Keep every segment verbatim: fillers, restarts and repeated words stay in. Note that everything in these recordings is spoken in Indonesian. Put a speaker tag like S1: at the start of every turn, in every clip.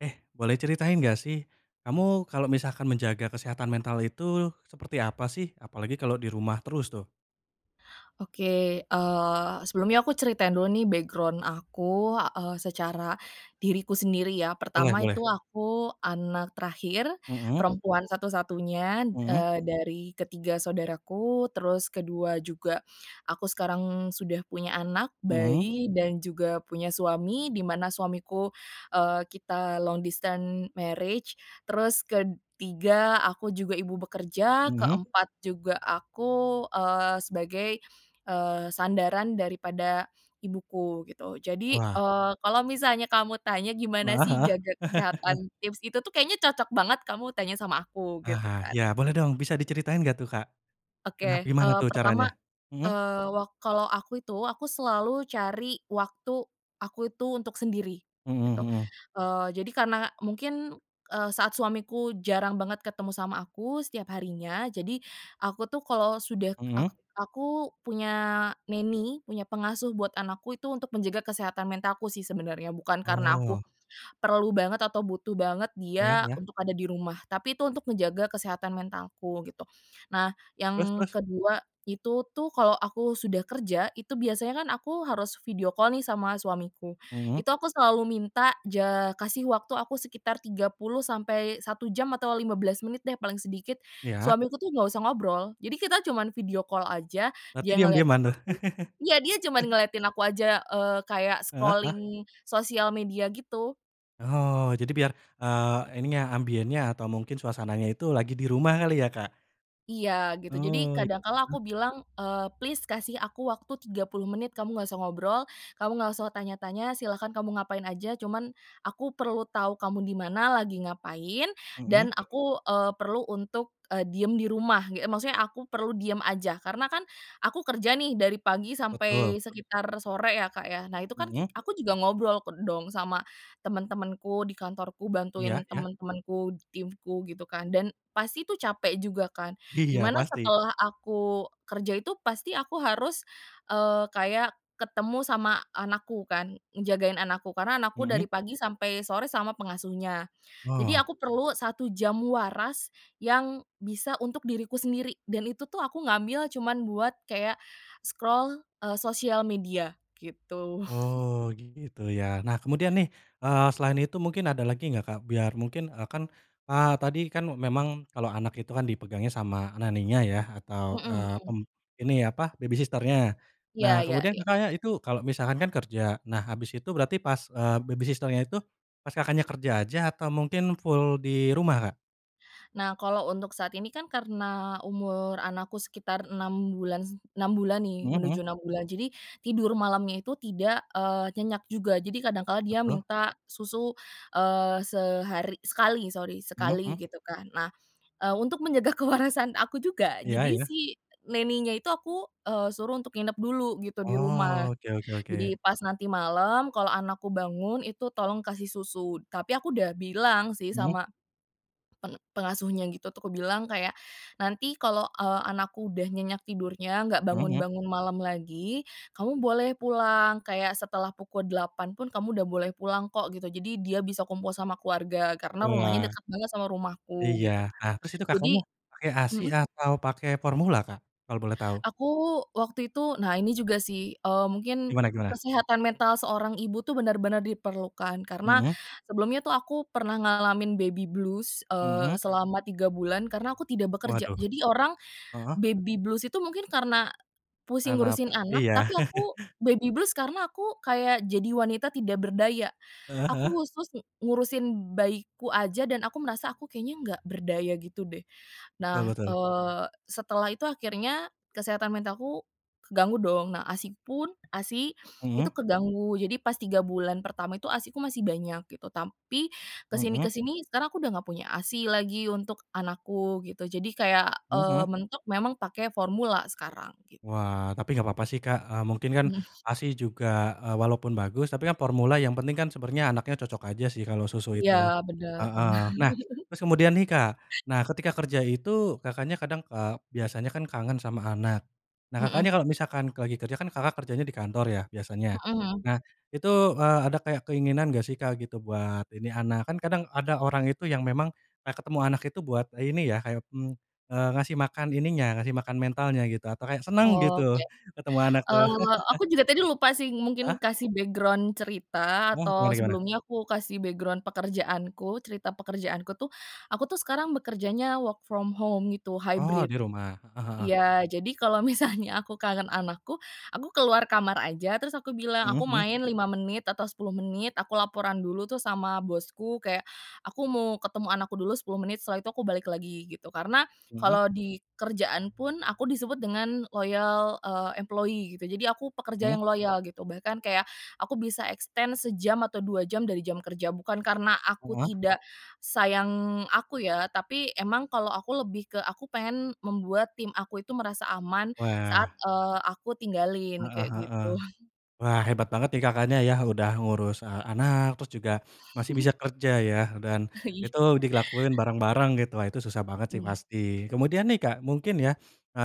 S1: Eh, boleh ceritain gak sih? Kamu, kalau misalkan menjaga kesehatan mental itu, seperti apa sih? Apalagi, kalau di rumah terus tuh.
S2: Oke, eee, sebelumnya aku ceritain dulu nih background aku, eee, secara diriku sendiri ya.
S1: Boleh
S2: Pertama, itu,
S1: boleh.
S2: aku anak terakhir,
S1: Mhm.
S2: perempuan satu-satunya,
S1: Mhm.
S2: eee, dari ketiga saudaraku, terus, kedua juga, aku sekarang sudah punya anak
S1: Mhm.
S2: bayi, dan juga punya suami, dimana suamiku, eee, kita long distance marriage, terus kedtiga aku juga ibu bekerja,
S1: Mhm.
S2: keempat juga aku, eee, sebagai, eee, sandaran daripada ibuku gitu. Jadi,
S1: Wah.
S2: eee, kalau misalnya kamu tanya, gimana
S1: Heeh
S2: sih
S1: heeh.
S2: jaga kesehatan? Tips itu tuh, kayaknya cocok banget kamu tanya sama aku, gitu
S1: Aha,
S2: kan.
S1: yah boleh dong, bisa diceritain gak tuh, Kak?
S2: Oke,
S1: Kenap gimana
S2: eee,
S1: tuh,
S2: pertama,
S1: caranya? Mhm.
S2: eee, wa kalau aku itu aku selalu cari waktu aku itu untuk sendiri,
S1: Hmm
S2: gitu,
S1: hmm.
S2: eee. Jadi, karena mungkin, eee, saat suamiku jarang banget ketemu sama aku setiap harinya. Jadi, aku tuh, kalau sudah, eee,
S1: Hmm.
S2: ak aku punya nanny, punya pengasuh buat anakku itu untuk menjaga kesehatan mentalku sih, sebenarnya. Bukan, karena aku
S1: Oh.
S2: perlu banget, atau butuh banget
S1: Iya
S2: dia,
S1: iya.
S2: untuk ada di rumah. Tapi, itu untuk menjaga kesehatan mentalku, gitu. Nah,
S1: Terus
S2: yang
S1: terus?
S2: kedua itu tuh, kalau aku sudah kerja, itu biasanya kan aku harus video call nih, sama suamiku.
S1: Hmm.
S2: Itu, aku selalu minta, ja kasih waktu aku sekitar tiga puluh sampai satu jam atau lima belas menit deh paling sedikit,
S1: Iya.
S2: suamiku tuh nggak usah ngobrol. Jadi, kita cuman video call aja,
S1: Berarti,
S2: dia ngeliatin
S1: diam-diaman tuh?
S2: aku iya, dia cuman ngeliatin aku aja, eee, kayak
S1: Heeh heeh.
S2: scrolling sosial media, gitu.
S1: Oh, jadi biar, eee, ininya ambiennya atau mungkin suasananya itu lagi di rumah kali ya, Kak?
S2: Iya, gitu. Jadi,
S1: Oh,
S2: kadang kala aku
S1: iya.
S2: bilang, eee, Please kasih aku waktu tiga puluh menit, kamu nggak usah ngobrol, kamu nggak usah tanya-tanya, silahkan kamu ngapain aja cuman aku perlu tahu kamu di mana, lagi ngapain,
S1: Mhm.
S2: dan aku, eee, perlu untuk, eee, diam di rumah," e ge maksudnya, aku perlu diam aja. Karena kan, aku kerja nih dari pagi
S1: Betul.
S2: sampai sekitar sore ya, Kak, ya. Nah, itu kan ki
S1: Mhm.
S2: aku juga ngobrol ke dong, sama temen-temenku di kantorku,
S1: Iya
S2: bantuin
S1: iya.
S2: temen-temenku di timku, gitu kan. Dan, pasti itu capek juga kan.
S1: Iya,
S2: Dimana,
S1: pasti.
S2: setelah aku kerja itu, pasti aku harus, eee, kayak ketemu sama anakku kan, ngejagain anakku, karena anakku
S1: Mhm.
S2: dari pagi sampai sore sama pengasuhnya. Jadi,
S1: Oh.
S2: aku perlu satu jam waras, yang bisa untuk diriku sendiri, dan itu tuh, aku ngambil cuman buat kayak, scroll, eee, sosial media, gitu.
S1: Oh, gitu ya. Nah, kemudian nih, eee, selain itu mungkin ada lagi gak, Kak? Biar, mungkin, eee, kan, a tadi kan, memang, kalau anak itu kan dipegangnya sama nanny-nya ya, atau,
S2: Mhm
S1: eee,
S2: mhm.
S1: mmm, ini apa, baby sister-nya. Nah,
S2: Iya iya
S1: kemudian
S2: iya.
S1: Kakaknya itu kalo misalkan, kan kerja. Nah, habis itu berarti pas, eee, baby sister-nya itu, pas Kakaknya kerja aja, atau mungkin full di rumah, Kak?
S2: Nah, kalau untuk saat ini kan, karena umur anakku sekitar enam bulan se enam bulan nih,
S1: Mhm mhm.
S2: menuju enam bulan. Jadi, tidur malamnya itu, tidak, eee, nyenyak juga. Jadi, kadang kala dia
S1: Betul.
S2: minta susu, eee, sehari sekali sorry
S1: Mhm
S2: sekali,
S1: mhm.
S2: gitu kan. Nah, eee, untuk menjaga kewarasan, aku juga.
S1: Iya
S2: Jadi,
S1: iya.
S2: si nanny-nya itu aku, eee, suruh untuk nginep dulu gitu, di rumah.
S1: Oh, oke oke oke.
S2: Jadi, pas nanti malam, kalau anakku bangun, itu tolong kasih susu. Tapi, aku udah bilang sih,
S1: Hmm.
S2: sama pe pengasuhnya gitu, aku bilang, kayak, "Nanti kalau, eee, anakku udah nyenyak tidurnya, nggak
S1: Hmm hmm.
S2: bangun-bangun malam lagi, kamu boleh pulang, kayak, setelah pukul 08.00 pun, kamu udah boleh pulang kok," gitu. Jadi, dia bisa kumpul sama keluarga, karena rumahnya
S1: Wah.
S2: dekat banget sama rumahku,
S1: Iya.
S2: gitu kan.
S1: Nah, terus itu
S2: Jadi
S1: kakaknya pakai ASI
S2: mhm?
S1: atau pakai formula, Kak? Kalau boleh tahu.
S2: Aku, waktu itu. Nah, ini juga sih, eee, mungkin,
S1: Gimana gimana?
S2: kesehatan mental seorang ibu tuh, benar-benar diperlukan. Karena,
S1: Mhm.
S2: sebelumnya tuh, aku pernah ngalamin baby blues, eee,
S1: Mhm.
S2: selama tiga bulan, karena aku tidak bekerja.
S1: Waduh!
S2: Jadi, orang
S1: Heeh.
S2: baby blues itu mungkin, karena, pusing
S1: Karena, pe
S2: ngurusin anak,
S1: iya.
S2: tapi aku baby blues karena aku, kayak, jadi wanita tidak berdaya,
S1: Heeh heeh.
S2: aku khusus ngurusin bayiku aja, dan aku merasa, "Aku, kayaknya nggak berdaya," gitu deh.
S1: Betul
S2: Nah,
S1: betul.
S2: eee, setelah itu akhirnya kesehatan mentalku, keganggu dong. Nah, ASI-pun ASI itu
S1: Hmm.
S2: keganggu. Jadi, pas tiga bulan pertama itu, ASI-ku masih banyak, gitu. Tampi,
S1: Mhm.
S2: kesini-kesini, sekarang aku udah nggak punya ASI lagi, untuk anakku, gitu. Jadi, kayak, eee,
S1: Mhm.
S2: mentok memang, pakai formula sekarang, gitu.
S1: Wah, tapi gapapa sih Kak, eee, mungkin kan
S2: Hmm.
S1: ASI juga, eee, walaupun bagus, tapi kan formula, yang penting kan, sebenernya anaknya cocok aja sih, kalau susu
S2: Iya,
S1: itu,
S2: bener bener.
S1: heeh. Nah, terus kemudian nih, Kak. Nah, ketika kerja itu, Kakaknya kadang, eee, biasanya kan kangen sama anak. Nah,
S2: Mhm.
S1: Kakaknya kalau misalkan ka lagi kerja kan Kakak kerjanya di kantor ya, biasanya?
S2: Hmm hmm.
S1: Nah, itu, eee, ada kayak keinginan gak sih Kak gitu, buat ini, anak? Kan kadang, ada orang itu yang memang, eee, ketemu anak itu buat ini ya, mmm, eee, ngasih makan ininya ngasih makan mentalnya gitu atau kayak senang gitu,
S2: Oke.
S1: ketemu anak tuh.
S2: Eee, aku juga tadi lupa sih,
S1: Heeh.
S2: mungkin, kasih background cerita,
S1: Wah,
S2: atau
S1: gimana gimana?
S2: sebelumnya, aku kasih background pekerjaanku. Cerita pekerjaanku tuh, aku tuh sekarang bekerjanya work from home gitu,
S1: Oh,
S2: hibrid.
S1: di rumah. Heeh heeh.
S2: Iya, jadi kalau misalnya, aku kangen anakku, aku keluar kamar aja, terus aku bilang,
S1: Hmm
S2: aku
S1: hmm.
S2: main lima menit, atau sepuluh menit. Aku laporan dulu tuh sama bosku, kayak, "Aku mau ketemu anakku dulu, sepuluh menit, setelah itu aku balik lagi," gitu. Karena,
S1: Hmm.
S2: kalau di kerjaan pun, aku disebut dengan, loyal, eee, employee, gitu. Jadi, aku pekerja
S1: Hmm.
S2: yang loyal gitu, bahkan kayak, aku bisa extend sejam atau dua jam dari jam kerja, bukan karena aku,
S1: Heeh.
S2: tidak sayang aku, ya. Tapi emang, kalau aku, lebih, ke aku pengen, membuat tim aku itu, merasa aman saat,
S1: Wah.
S2: eee, aku tinggalin,
S1: Heeh
S2: kayak
S1: heeh.
S2: gitu.
S1: Wah, hebat banget nih Kakaknya yah, udah ngurus, eee, anak, terus juga masih bisa kerja ya, dan
S2: Iya.
S1: itu dilakuin bareng-bareng gitu. Wah, itu susah banget sih
S2: Mmm.
S1: pasti. Kemudian nih, Kak, mungkin yah,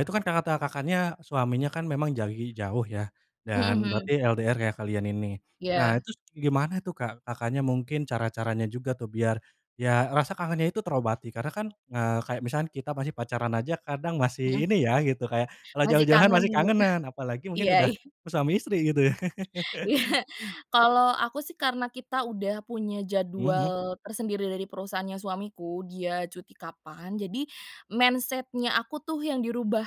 S1: itu kan, kata Kakaknya suaminya kan, memang jauhi jauh ya?
S2: Hmm
S1: Dan
S2: hmm.
S1: berarti LDR ya, kalian ini? Nah,
S2: Iya.
S1: terus gimana tuh, Kak, Kakaknya mungkin cara-caranya juga tuh, biar ya, rasa kangennya itu terobati, karena kan, eee, kayak misalkan kita masih pacaran aja kadang,
S2: Hmm.
S1: masih ini ya, gitu, kayak, kalau
S2: Masih
S1: jauh-jauhan
S2: kangen,
S1: pasti
S2: gitu?
S1: kangenan, apalagi
S2: Iya
S1: mungkin udah
S2: iya.
S1: suami istri gitu, ya?
S2: Iya. Kalau aku sih, karena kita udah punya
S1: Hmm hmm.
S2: jadwal tersendiri dari perusahaannya suamiku, dia cuti kapan. Jadi, mindset-nya aku tuh yang dirubah.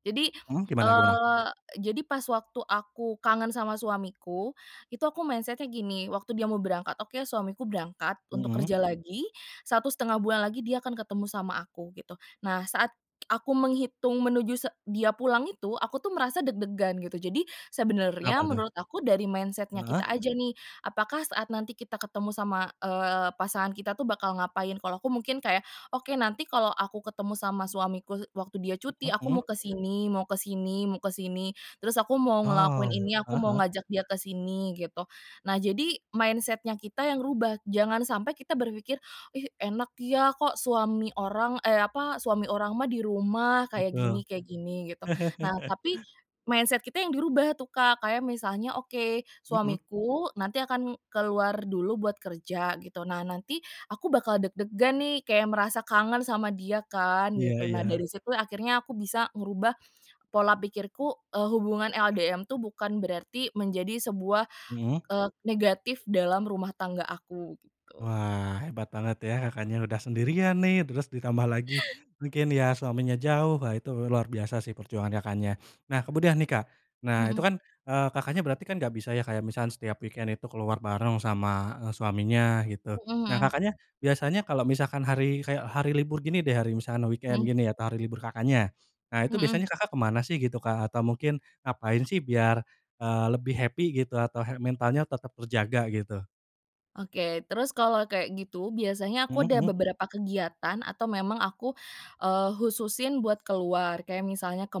S2: Jadi,
S1: Mhm, gimana gimana?
S2: eee, jadi, pas waktu aku kangen sama suamiku. Itu, aku mindset-nya gini, waktu dia mau berangkat, "Oke, suamiku berangkat untuk
S1: Hmm.
S2: kerja lagi, satu setengah bulan lagi, dia akan ketemu sama aku," gitu. Nah, saat aku menghitung, menuju se dia pulang itu, aku tuh merasa deg-degan, gitu. Jadi,
S1: Kenapa
S2: sebenarnya
S1: tuh?
S2: menurut aku dari mindset-nya kita
S1: Heeh.
S2: aja nih. Apakah, saat nanti kita ketemu sama, eee, pasangan kita tuh bakal ngapain? Kalau aku, mungkin kayak, "Oke, nanti kalau aku ketemu sama suamiku waktu dia
S1: Heeh
S2: cuti, aku
S1: heeh.
S2: mau ke sini mau ke sini mau ke sini, terus aku mau ngelakuin
S1: Oh,
S2: ini, aku
S1: heeh
S2: mau
S1: heeh.
S2: ngajak dia ke sini," gitu. Nah, jadi mindset-nya kita yang rubah, jangan sampai kita berpikir, "Ih enak ya, kok suami orang, e apa, suami orang mah, di rumah kayak
S1: Betul.
S2: gini kayak gini," gitu. Nah, tapi mindset kita yang dirubah tuh, Kak, kayak misalnya, "Oke,
S1: Mhm.
S2: suamiku nanti akan keluar dulu buat kerja," gitu. Nah, nanti aku bakal deg-degan nih, kayak, merasa kangen sama dia kan,
S1: Iya
S2: gitu. Nah,
S1: iya.
S2: dari situ akhirnya aku bisa ngerubah, pola pikirku, eee, hubungan LDM tuh, bukan berarti menjadi sebuah,
S1: Mhm.
S2: eee, negatif dalam rumah tangga aku, gitu.
S1: Wah, hebat banget ya Kakaknya, udah sendirian nih, terus ditambah lagi, mungkin ya suaminya jauh, wah itu luar biasa sih perjuangan Kakaknya. Nah, kemudian nih, Kak. Nah, itu
S2: Mhm.
S1: kan, eee, Kakaknya berarti kan, gak bisa ya, kayak, misalkan setiap weekend itu keluar bareng sama, eee, suaminya, gitu?
S2: Hmm
S1: Nah,
S2: hmm.
S1: Kakaknya biasanya kalau misalkan hari, kayak, hari libur gini deh, hari misalkan
S2: Mhm.
S1: weekend gini ya, hari libur Kakaknya. Nah, itu
S2: Hmm.
S1: biasanya Kakak kemana sih? Gitu Kak atau mungkin ngapain sih biar, eee, lebih happy gitu atau health mental-nya tetap terjaga, gitu?
S2: Oke, terus kalau kayak gitu, biasanya aku
S1: Hmm
S2: ada
S1: hmm.
S2: beberapa kegiatan atau memang aku, eee, khususin buat keluar, kayak misalnya ke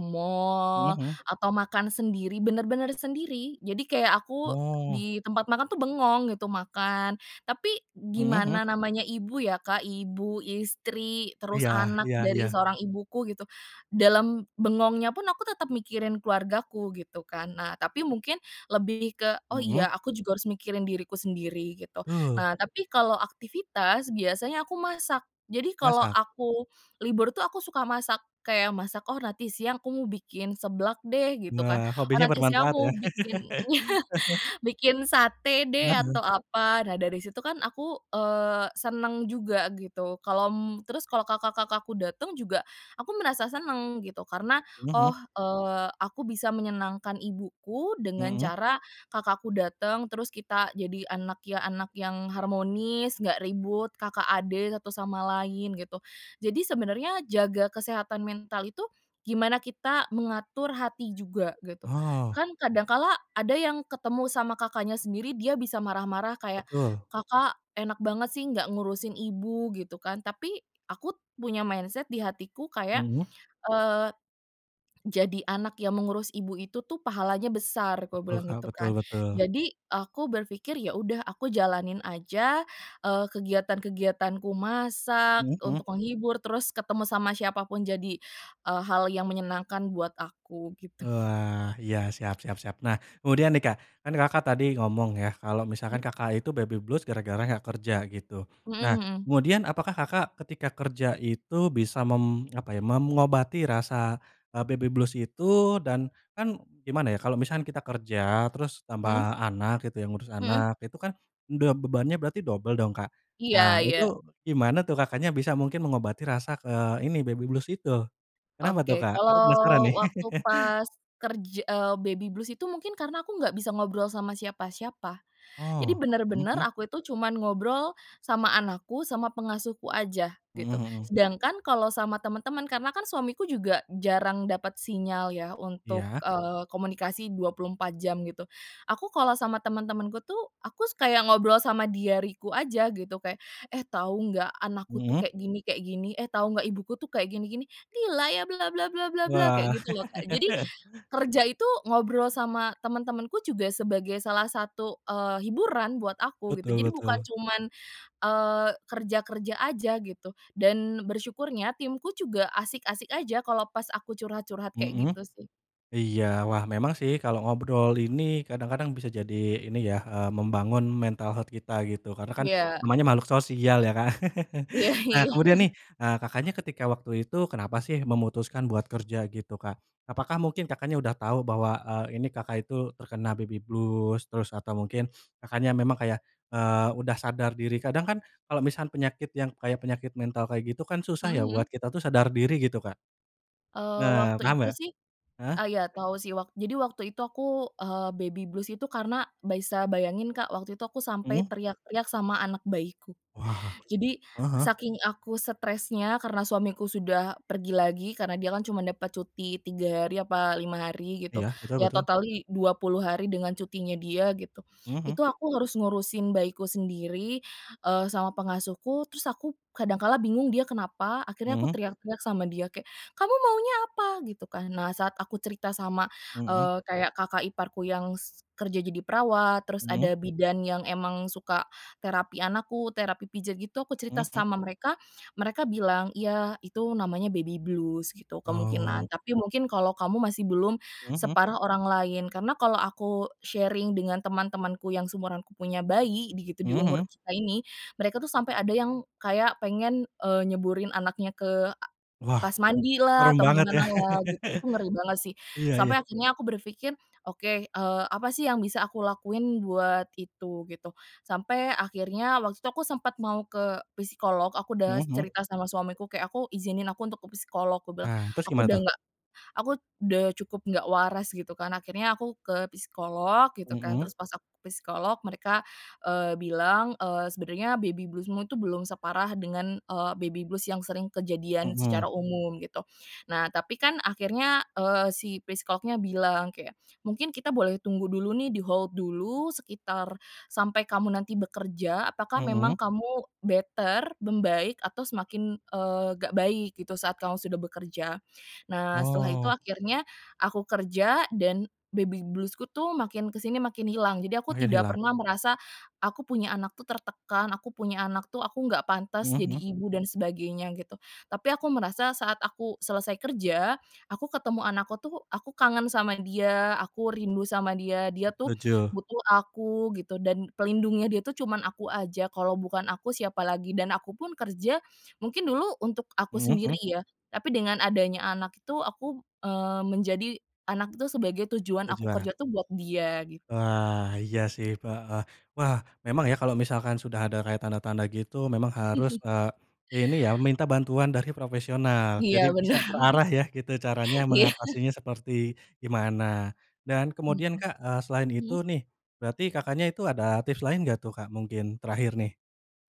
S1: Hmm
S2: mall,
S1: hmm.
S2: atau makan sendiri, bener-bener sendiri. Jadi, kayak aku
S1: Oh.
S2: di tempat makan tuh bengong gitu, makan. Tapi,
S1: Hmm hmm.
S2: gimana namanya ibu ya, Kak, ibu, istri, terus
S1: Iya
S2: anak
S1: iya
S2: dari
S1: iya.
S2: seorang ibuku, gitu. Dalam bengongnya pun, aku tetap mikirin keluargaku, gitu kan. Nah, tapi mungkin lebih ke "Oh,
S1: Mhm.
S2: iya aku juga harus mikirin diriku sendiri," gitu.
S1: Betul.
S2: Nah, tapi kalau aktivitas, biasanya aku masak. Jadi, kalau
S1: Masak?
S2: aku libur tuh, aku suka masak, kayak masak, "Oh, nanti siang aku mau bikin seblak deh," gitu kan,
S1: Nah,
S2: "Oh
S1: hobinya
S2: nanti siang aku
S1: bermanfaat ya?
S2: mau bikin" iya, "bikin sate deh, atau
S1: Mhm.
S2: apa." Nah, dari situ kan, aku, eee, senang juga gitu, kalau m terus, kalau kakak-kakakku dateng juga, aku merasa senang, gitu. Karena
S1: Mhm
S2: "Oh,
S1: mhm.
S2: eee, aku bisa menyenangkan ibuku dengan
S1: Hmm.
S2: cara kakakku dateng, terus kita jadi anak ya anak yang harmonis, nggak ribut, kakak adik, satu sama lain" gitu. Jadi, sebenarnya jaga kesehatan mental itu, gimana kita mengatur hati juga, gitu.
S1: Oh.
S2: Kan, kadang kala ada yang ketemu sama kakaknya sendiri dia bisa marah-marah kayak,
S1: Betul.
S2: "Kakak enak banget sih, nggak ngurusin ibu", gitu kan. Tapi, aku punya mindset di hatiku kayak,
S1: Hmm.
S2: eee, "Jadi anak yang mengurus ibu itu tuh, pahalanya besar," aku
S1: Betul,
S2: bilang
S1: Kak,
S2: itu
S1: betul
S2: kan.
S1: betul.
S2: Jadi, aku berpikir, "Ya udah, aku jalanin aja, eee, kegiatan-kegiatanku, masak
S1: Mhm mhm.
S2: untuk menghibur, terus ketemu sama siapapun, jadi, eee, hal yang menyenangkan buat aku," gitu.
S1: Wah, iya, siap siap siap. Nah, kemudian nih Kak, kan Kakak tadi ngomong ya, kalau misalkan
S2: Mmm.
S1: Kakak itu baby blues gara-gara nggak kerja, gitu. Nah,
S2: Hmm hmm.
S1: kemudian apakah Kakak ketika kerja itu bisa, mem apa ya, memngobati rasa, eee, baby blues itu dan kan gimana ya, kalau, misalkan kita kerja, terus tambah
S2: Hmm.
S1: anak gitu, ya, ngurus
S2: Hmm.
S1: anak. Itu kan, udah bebannya berarti dobel dong, Kak?
S2: Iya
S1: Nah,
S2: iya.
S1: itu gimana tuh Kakaknya bisa mungkin mengobati rasa ke ini, baby blues itu? Kenapa tuh,
S2: Oke,
S1: Kak? Aku, penasaran
S2: kalau
S1: nih.
S2: waktu pas kerj eee, baby blues itu mungkin, karena aku nggak bisa ngobrol sama siapa-siapa. Jadi,
S1: Oh, mhm
S2: benar-benar,
S1: mhm.
S2: aku itu cuman ngobrol sama anakku, sama pengasuhku aja,
S1: Mhm
S2: gitu.
S1: mhm.
S2: Sedangkan, kalau sama teman-teman, karena kan suamiku juga jarang dapat sinyal ya, untuk,
S1: Iya.
S2: eee, komunikasi dua puluh empat jam, gitu. Aku, kalau sama teman-temanku tuh, aku kayak ngobrol sama diariku aja, gitu, kayak "Eh, tahu nggak anakku tuh,
S1: Hmm.
S2: kayak gini kayak gini, eh, tahu nggak, ibuku tuh kayak, gini-gini, gila ya bla-bla-bla-bla-bla", kayak
S1: Wah.
S2: gitu loh, Kak. Jadi, kerja itu ngobrol sama teman-temanku juga, sebagai salah satu, eee, hiburan buat aku, gitu.
S1: Betul
S2: Jadi, bukan
S1: betul.
S2: cuman, eee, kerja-kerja aja, gitu. Dan, bersyukurnya timku juga asik-asik aja, kalau pas aku curhat-curhat, kayak
S1: Mhm
S2: gitu, sih.
S1: iya. Wah, memang sih kalo ngobrol ini, kadang-kadang bisa jadi, ini ya, eee, membangun mental health kita, gitu. Karena kan,
S2: Iya.
S1: namanya makhluk sosial ya, Kak.
S2: Iya
S1: Nah,
S2: iya.
S1: kemudian nih, eee, Kakaknya ketika waktu itu kenapa sih memutuskan buat kerja gitu, Kak? Apakah mungkin Kakaknya udah tahu, bahwa, eee, ini Kakak itu terkena baby blues? Terus, atau mungkin, Kakaknya memang, kayak, eee, udah sadar diri. Kadang kan, kalau misan penyakit, yang kayak, penyakit mental, kayak. gitu kan susah
S2: Hmm
S1: ya,
S2: hmm.
S1: buat kita tuh sadar diri gitu, Kak?
S2: Eee,
S1: Nah,
S2: waktu
S1: paham
S2: itu
S1: enggak?
S2: sih
S1: Heeh?
S2: eee, iya tahu sih. Wak jadi, waktu itu aku, eee, baby blues itu. Karena, baisa bayangin Kak, waktu itu aku sampai
S1: Hmm.
S2: teriak-teriak sama anak bayiku.
S1: Wah,
S2: Jadi,
S1: heeh heeh.
S2: saking aku stressnya, karena suamiku sudah pergi lagi. Karena, dia kan cuma dapat cuti, tiga hari apa lima hari gitu,
S1: Iya, betul
S2: ya,
S1: betul.
S2: totally dua puluh hari dengan cutinya dia, gitu.
S1: Hmm hmm.
S2: Itu, aku harus ngurusin bayiku sendiri, eee, sama pengasuhku, terus aku kadang kala bingung, dia kenapa? Akhirnya aku
S1: Hmm.
S2: teriak-teriak sama dia, kayak, "Kamu maunya apa?" Gitu kan. Nah, saat aku cerita sama,
S1: Hmm.
S2: eee, kayak, kakak iparku yang s kerja jadi perawat, terus
S1: Hmm.
S2: ada bidan yang emang suka terapi anakku, terapi pijat, gitu. Aku
S1: Hmm
S2: cerita
S1: hmm.
S2: sama mereka mereka bilang "Iya, itu namanya baby blues," gitu, "kemungkinan,
S1: Oh.
S2: tapi, mungkin kalau kamu masih belum
S1: Hmm hmm.
S2: separah orang lain." Karena kalau aku sharing dengan teman-temanku, yang seumuranku punya bayi di gitu di
S1: Hmm
S2: umur
S1: hmm.
S2: kita ini, mereka tuh sampai ada yang kayak, pengen, eee, nyeburin anaknya ke, a
S1: Wah,
S2: pas mandi lah
S1: serem
S2: atau
S1: banget ya?
S2: gimana lah, gitu. Itu, ngeri banget sih.
S1: Iya iya.
S2: Sampai akhirnya aku berpikir, "Oke, eee, apa sih yang bisa aku lakuin buat itu?" gitu. Sampai akhirnya, waktu itu aku sempat mau ke psikolog, aku udah
S1: Hmm hmm.
S2: cerita sama suamiku kayak "Aku izinin aku untuk ke psikolog," aku bilang,
S1: Nah, terus
S2: "Aku,
S1: gimana
S2: udah
S1: tuh?
S2: nggak aku udah cukup nggak waras," gitu kan. Akhirnya, aku ke psikolog, gitu kan.
S1: Mhm.
S2: Terus, pas aku ke psikolog, mereka, eee, bilang, eee, "Sebenarnya baby blues-mu itu, belum separah dengan, eee, baby blues yang sering kejadian
S1: Hmm.
S2: secara umum," gitu. Nah, tapi kan, akhirnya, eee, si psikolognya bilang kayak, "Mungkin kita boleh tunggu dulu nih, di-hold dulu, sekitar sampai kamu nanti bekerja, apakah memang
S1: Hmm.
S2: kamu better, membaik? Atau semakin, eee, nggak baik, gitu, saat kamu sudah bekerja." Nah, setelah itu
S1: Oh.
S2: akhirnya aku kerja dan baby blues-ku tuh makin kesini, makin hilang. Jadi, aku
S1: Makin
S2: tidak
S1: hilang.
S2: pernah merasa, "Aku punya anak tuh, tertekan, aku punya anak tuh, aku nggak pantes
S1: Hmm
S2: jadi
S1: hmm.
S2: ibu, dan sebagainya," gitu. Tapi, aku merasa saat aku selesai kerja. Aku, ketemu anakku tuh, aku kangen sama dia, aku rindu sama dia dia tuh
S1: Lucu.
S2: butuh aku, gitu. Dan, pelindungnya dia tuh, cuman aku aja. Kalau bukan aku, siapa lagi dan aku pun kerja mungkin dulu untuk aku
S1: Hmm
S2: sendiri
S1: hmm.
S2: ya. Tapi, dengan adanya anak itu, aku, eee, menjadi anak itu sebagai tujuan aku
S1: tujua.
S2: kerja tuh, buat dia, gitu.
S1: Wah, iya sih pa heeh. Wah, memang ya, kalau misalkan sudah ada kayak tanda-tanda gitu memang harus, eee, ini ya, meminta bantuan dari profesional.
S2: Iya,
S1: Jadi, bisa
S2: benar.
S1: terarah ya, gitu. Caranya,
S2: Iya.
S1: mengatasinya seperti gimana? Dan
S2: Mhm.
S1: kemudian, Kak, eee, selain itu
S2: Mhm?
S1: nih. Berarti, Kakaknya itu ada tips lain gak tuh, Kak, mungkin? Terakhir nih.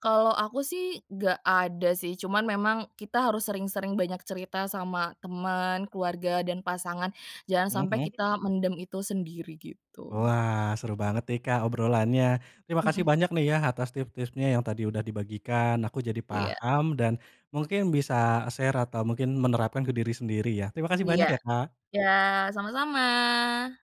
S2: Kalau aku sih, gak ada sih, cuman memang, kita harus sering sering banyak cerita sama teman, keluarga, dan pasangan. Jangan
S1: Hmm
S2: sampai,
S1: hmm.
S2: kita mendem itu sendiri, gitu.
S1: Wah, seru banget nih, Kak, obrolannya. Terima kasih
S2: Hmm.
S1: banyak nih ya, atas tips-tipsnya, yang tadi udah dibagikan. Aku jadi
S2: Iya.
S1: paham, dan mungkin bisa share atau mungkin menerapkan ke diri sendiri, ya. Terima kasih
S2: Iya
S1: banyak ya, Kak.
S2: iya, sama sama.